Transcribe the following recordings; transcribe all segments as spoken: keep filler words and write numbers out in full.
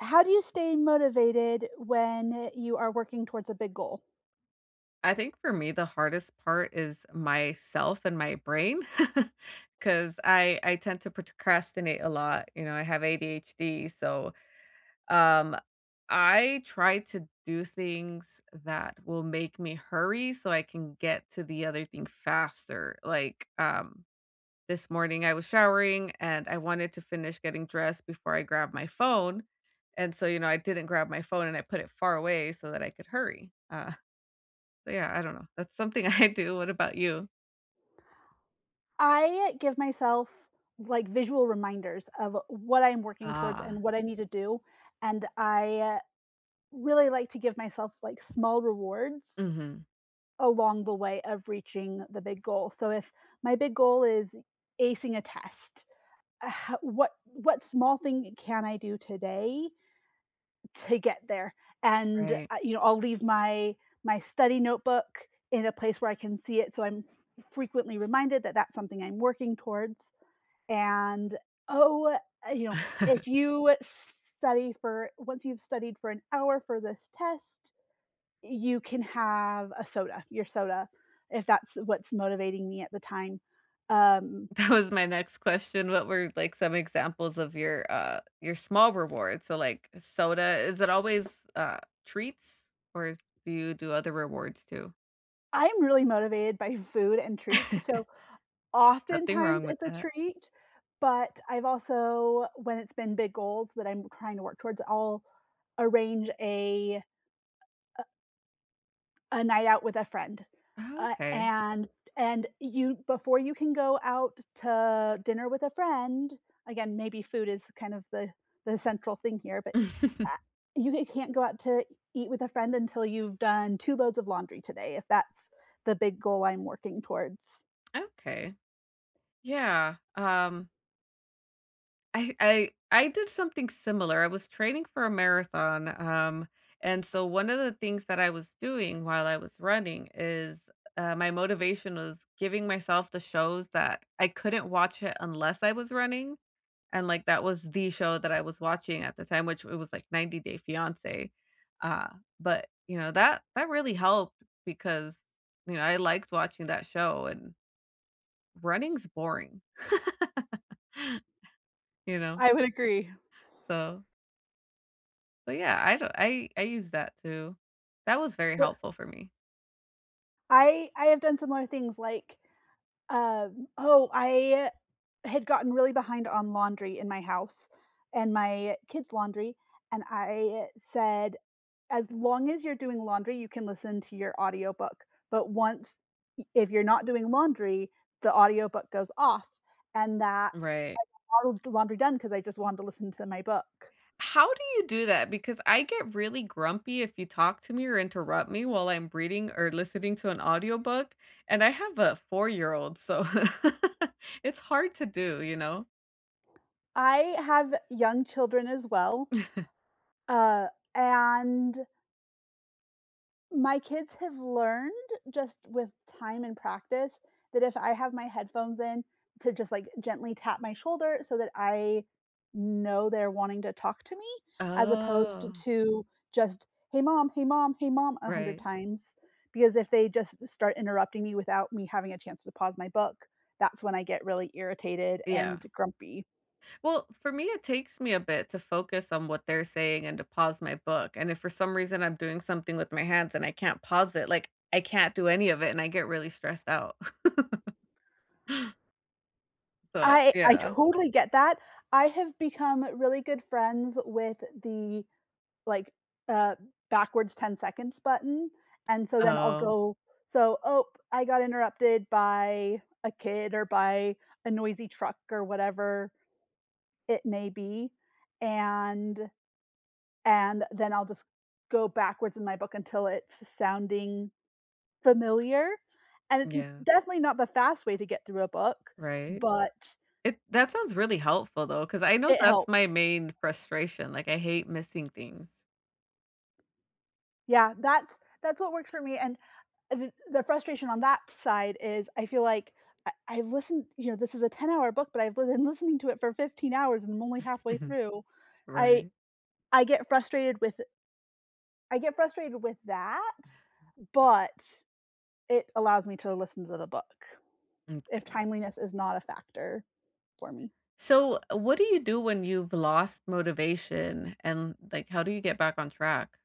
How do you stay motivated when you are working towards a big goal? I think for me, the hardest part is myself and my brain 'cause I I tend to procrastinate a lot, you know, I have ADHD, so, um, I try to do things that will make me hurry so I can get to the other thing faster. Like, um, this morning, I was showering, and I wanted to finish getting dressed before I grabbed my phone, and so, you know, I didn't grab my phone, and I put it far away so that I could hurry, uh, but, yeah, I don't know. That's something I do. What about you? I give myself, like, visual reminders of what I'm working towards Ah. and what I need to do, and I really like to give myself, like, small rewards Mhm. along the way of reaching the big goal. So, if my big goal is acing a test, what what small thing can I do today to get there? And, Right. uh, you know, I'll leave my my study notebook in a place where I can see it so I'm frequently reminded that that's something I'm working towards, and, oh, you know, if you s study for once you've studied for an hour for this test, you can have a soda your soda, if that's what's motivating me at the time. Um That was my next question. What were, like, some examples of your, uh, your small rewards? So, like, soda is it always, uh, treats, or is do you do other rewards too? I'm really motivated by food and treats. So Nothing oftentimes, wrong with it's a that. treat, but I've also when it's been big goals that I'm trying to work towards, I'll arrange a, uh uh a night out with a friend. Uh, Okay. and and you before you can go out to dinner with a friend, again, maybe food is kind of the the central thing here, but, uh, you can't go out to e eat with a friend until you've done two loads of laundry today, if that's the big goal I'm working towards. Okay. Yeah, um I I I did something similar. I was training for a marathon, um, and so, one of the things that I was doing while I was running is, uh, my motivation was giving myself the shows that I couldn't watch, eh, unless I was running. And, like, that was the show that I was watching at the time- which it was, like, ninety Day Fiance. Uh, but, you know, that that really helped because, you know, I liked watching that show, and running's boring. You know? I would agree. So But, yeah, I d I I used that too. That was very Uh helpful for me. I I have done similar things like, um oh, I had gotten really behind on laundry in my house and my kids' laundry. And I said, "As long as you're doing laundry, you can listen to your audiobook. But once i if you're not doing laundry, the audiobook goes off," and that Right. [unintelligible] the laundry done 'cause I just wanted to listen to my book. How do you do that? Because I get really grumpy if you talk to me or interrupt me while I'm reading or listening to an audiobook. And I have a four-year-old, so it's hard to do, you know? I have young children as well, uh, and my kids have learned just, with time and practice that if I have my headphones in, to just, like, gently tap my shoulder so that I know they're wanting to talk to me as opposed t Oh. to just, “Hey, mom. Hey, mom. Hey, mom,” a hundred Right. times, because if they just start interrupting me without me having a chance to pause my book, that's when I get really irritated Yeah. and grumpy. Well, for me, it takes me a bit to focus on what they're saying and to pause my book, and if for some reason I'm doing something with my hands and I can't pause it, like I can't do any of it, and I get really stressed out. But, I I yeah. totally get that, I have become really good friends with the like, uh backwards ten seconds button, and so then I'll Oh. go so, oh, I got interrupted by a kid or by a noisy truck or whatever it may be, and and then I'll just go backwards in my book until it's s sounding familiar, and it's d Yeah. definitely not the fast way to get through a book, Right? but It that sounds really helpful, though, ‘cause I know it that's helps. my main frustration, like, I hate missing things. Yeah, that's that's what works for me, and uh, th the frustration on that side is I feel like I I listen you know, this is a ten-hour book, but I've be lin listening to it for fifteen hours and only halfway Mhm. through. I Right. I get frustrated with it I get frustrated with that, but it allows me to listen to the book if M'kay. timeliness is not a factor for me. So, what do you do when you've lost motivation, and, like, how do you get back on track?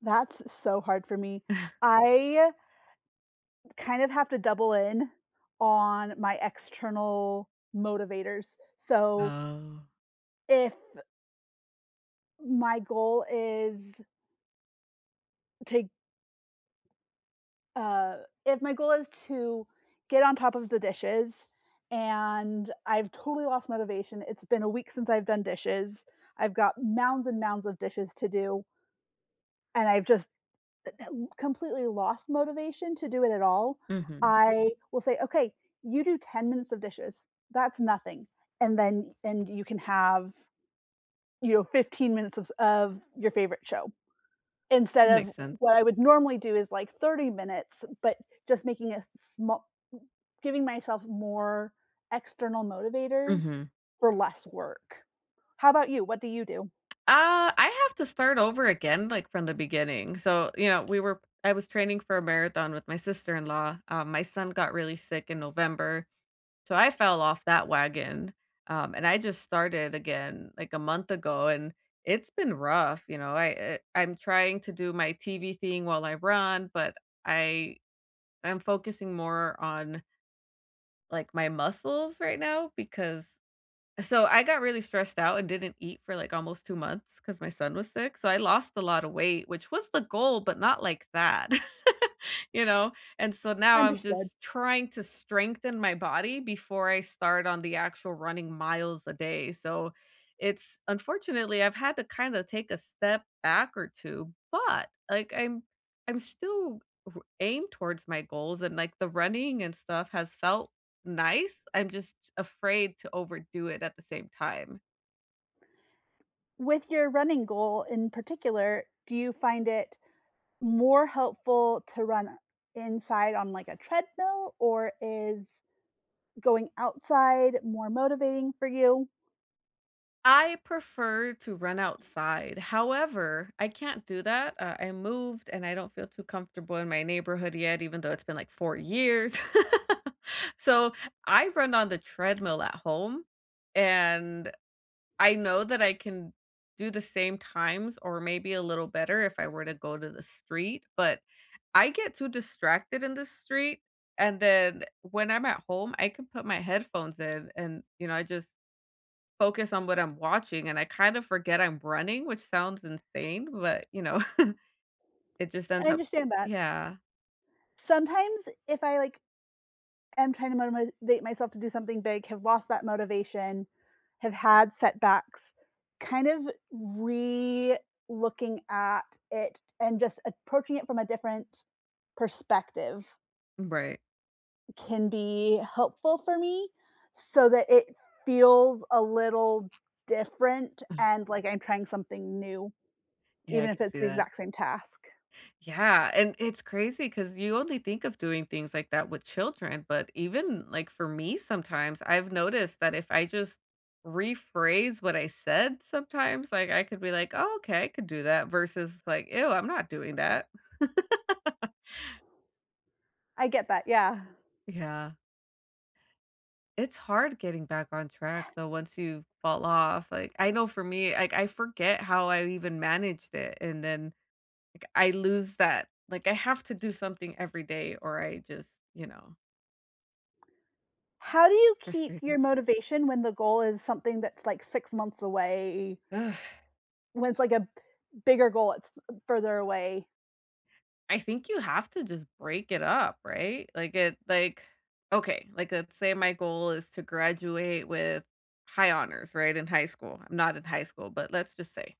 That's so hard for me. I kind of have to double in on my external motivators, so Oh. if my goal is to g uh, if my goal is to get on top of the dishes, and I've totally lost motivation, it's been a week since I've done dishes, I've got mounds and mounds of dishes to do and I've just eh, uh, completely lost motivation to do it at all. Mhm. I will say, "Okay, you do ten minutes of dishes, that's nothing, and then and you can have, you know, fifteen minutes of s of, your favorite show." Instead of Makes sense. what I would normally do is like thirty minutes, but just making a sma g giving myself more external motivators Mhm. for less work. How 'bout you, what do you do? Uh, I have to start over again, like, from the beginning, so, you know, we were I was training for a marathon with my sister-in-law, uh, my son got really sick in November, so I fell off that wagon, um, and I just started again, like, a month ago, and it's been rough, you know? I eh, I'm trying to do my TV thing while I run, but I I'm focusing more on like, my muscles right now because so, I got really stressed out and didn't eat for, like, almost two months 'cause my son was sick, so I lost a lotta weight, which was the goal, but not like that. You know, and so now I'm Understood. just trying to strengthen my body before I start on the actual running miles a day, so it's unfortunately, I've had to kinda take a step back or two, but, like, I'm I'm still w aimed towards my goals and, like, the running and stuff has felt nice. I'm just afraid to overdo it at the same time. With your running goal, in particular, do you find it more helpful to run inside on, like, a treadmill, or is going outside more motivating for you? I prefer to run outside. However, I can't do that, uh, I moved, and I don't feel too comfortable in my neighborhood yet, even though it's been, like, four years. So, I run on the treadmill at home, and I know that I can do the same times or maybe a little better if I were to go to the street, but I get too distracted in the street, and then, when I'm at home I can put my headphones in and, you know, I just focus on what I'm watching, and I kind of forget I'm running, which sounds insane, but, you know, it just I ends up understand that. Yeah. Sometimes if I, like, am trying to motim motivate myself to do something big, have lost that motivation, have had setbacks, kind of relooking at it and just approaching it from a different perspective Right. can be helpful for me, so that it feels a little different and, like, I'm trying something new, Yeah, I even if can it's see the that. exact same task. Yeah, and it's crazy 'cause you only think of doing things like that with children, but even, like, for me sometimes, I've noticed that if I just rephrase what I said sometimes, like, I could be like, "Oh, okay, I could do that," versus, like, "Ew, I'm not doing that." I get that, yeah. Yeah. It's hard getting back on track, Ha though, once you fall off. Like, I know for me, ike, I forget how I even managed it, and then, like, I lose that like, I have to do something every day or I just, you know How do you keep Frustrating. your motivation when the goal is something that's, like, six months away? Ugh. When it's, like, a bigger goal, that's, uh, further away? I think you have to just break it up, right? Like, the like, okay, like, let's say my goal is to graduate with high honors, right, in high school. I'm not in high school, but let's just say.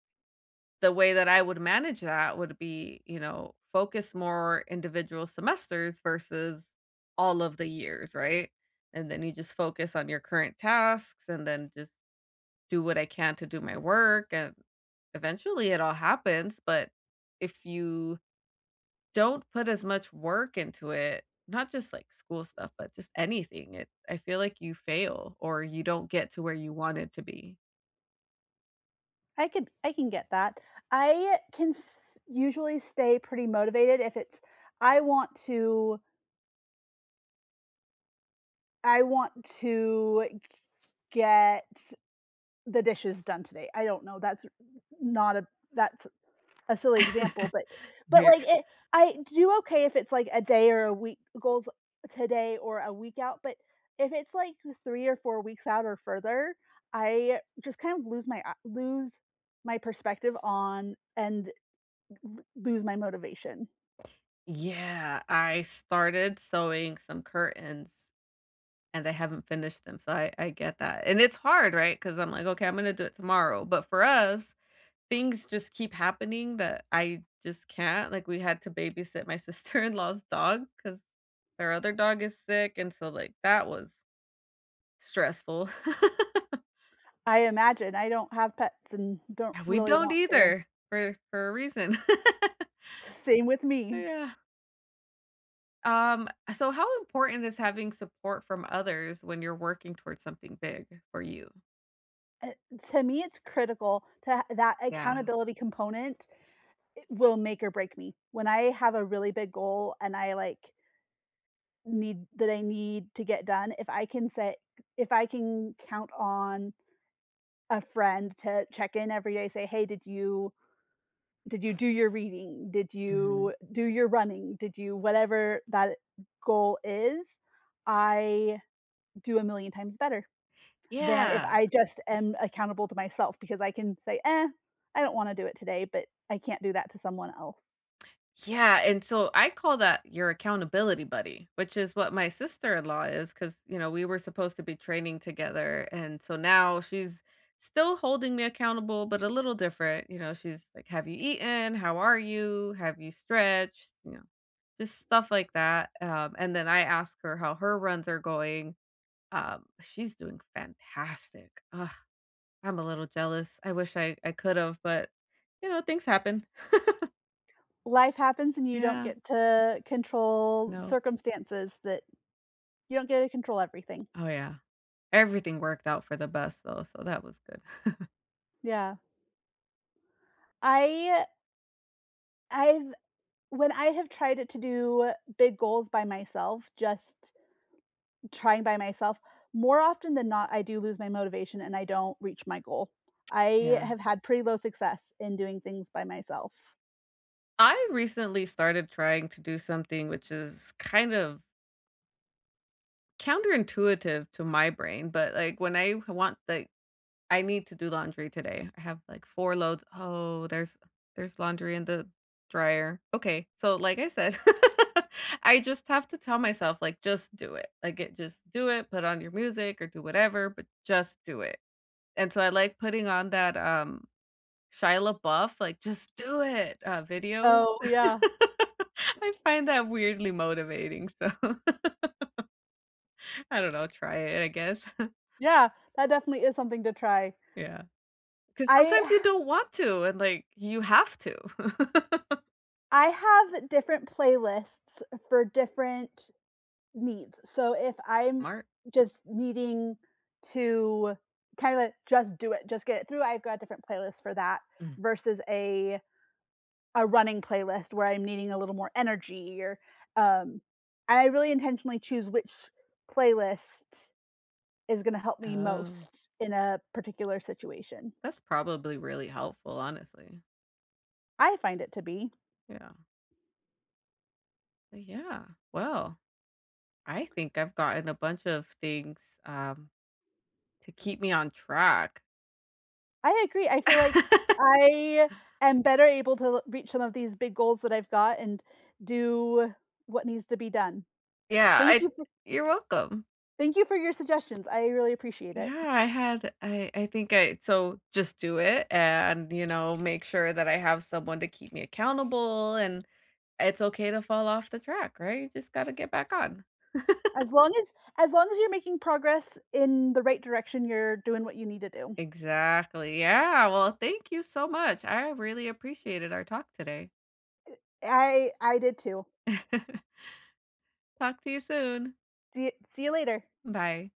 The way that I would manage that would be, you know, focus more individual semesters versus all of the years, right, and then you just focus on your current tasks, and then just do what I can to do my work, and, eventually, it all happens, but if you don't put as much work into it, not just, like, school stuff, but just anything, it I feel like you fail or you don't get to where you wanted to be. I could I can get that. I, uh, can s usually stay pretty motivated if it's I want to I want to g get the dishes done today, I don't know. That's r not a that's a silly example, but but, Veer. like, it I do okay if it's, like, a day or a week goals, today or a week out. But if it's, like, eh, three or four weeks out or further, I, uh, just kind of lose my, ah lose my perspective on and l l lose my motivation. Yeah, I started sewing some curtains, and I haven't finished them, so I I get that. And it's hard, right? 'Cause I'm like, "Okay, I'm gonna do it tomorrow." But for us, things just keep happening, that, I just can't like, we had to babysit my sister-in-law's dog 'cause, her other dog is sick, and so, like, that was stressful. I imagine, I don't have pets and don't Yeah, we really don't want to. either, for for a reason. Same with me. Yeah. Um, so how important is having support from others, when you're working towards something big, for you? Eh, to me, it's critical to that Yeah. accountability component i will make or break me. When I have a really big goal and I, like need that I need to get done, if I can set if I can count on a friend to check-in every day, say, "Hey, did you did you do your reading? Did you Mhm. do your running? Did you" whatever, that goal is, I, do a million times better, than if Yeah. I just am accountable to myself because I can say, "Eh, I don't wanna do it today," but, I can't do that to someone else. Yeah, and so I call that your accountability buddy, which is what my sister-in-law is 'cause, you know, we were supposed to be training together, and, so now she's still holding me accountable, but a little different, you know? She's like, "Have you eaten? How are you? Have you stretched?" Ya know, just stuff like that, um, and then I ask her how her runs are going, um, she's doing fantastic, ugh. I'm a little jealous, I wish I I could've, but, you know, things happen. Life happens, and you don't Yeah. get to control No. circumstances that you don't get to control everything. Oh, yeah. Everything worked out for the best, though, so that was good. Yeah. I I've when I have tried it to do big goals by myself, just trying by myself, more often than not, I do lose my motivation, and I don't reach my goal. I Yeah. have had pretty low success in doing things by myself. I recently started trying to do something which is kind of counterintuitive to my brain. But, like, when I h want, like I need to do laundry today, I have, like, four loads. Oh, there's there's laundry in the dryer. Okay, so, like I said, I just have to tell myself, like, "Just do it." Like, it "Just do it. Put on your music or do whatever, but just do it." And so, I like putting on that, um, Shia LaBeouf, like, "Just Do It," uh, videos. Oh, yeah. I find that weirdly motivating, so, I don't know, try it, I guess. Yeah. That definitely is something to try. Yeah. 'Cause I sometimes you don't want to, and, like, you have to. I have different playlists, eh, for different needs. So, if I'm mart. just needing to kind of, eh, just do it, just get it through, I've got different playlist for that, Mm. versus a a running playlist where I'm needing a little more energy or, um I really intentionally choose which playlist is gonna help me most Oh. in a particular situation. That's probably really helpful, honestly. I find it to be. Yeah. But yeah. Well, I think I've gotten a bunch of things, um, to keep me on track. I agree. I feel like I am better able to l reach some of these big goals that I've got and do what needs to be done. Yeah. I Thank d you fo you're welcome. Thank you for your suggestions, I really appreciate it. Yeah. I had I I think I so just do it and, you know, make sure that I have someone to keep me accountable, and, eh it's okay to fall off the track, right? You just gotta get back on. As long as as long as you're making progress in the right direction, you're doing what you need to do. Exactly. Yeah, well, thank you so much, I really appreciated our talk today. Eh I I did too. Talk to you soon. See y see you later. Bye.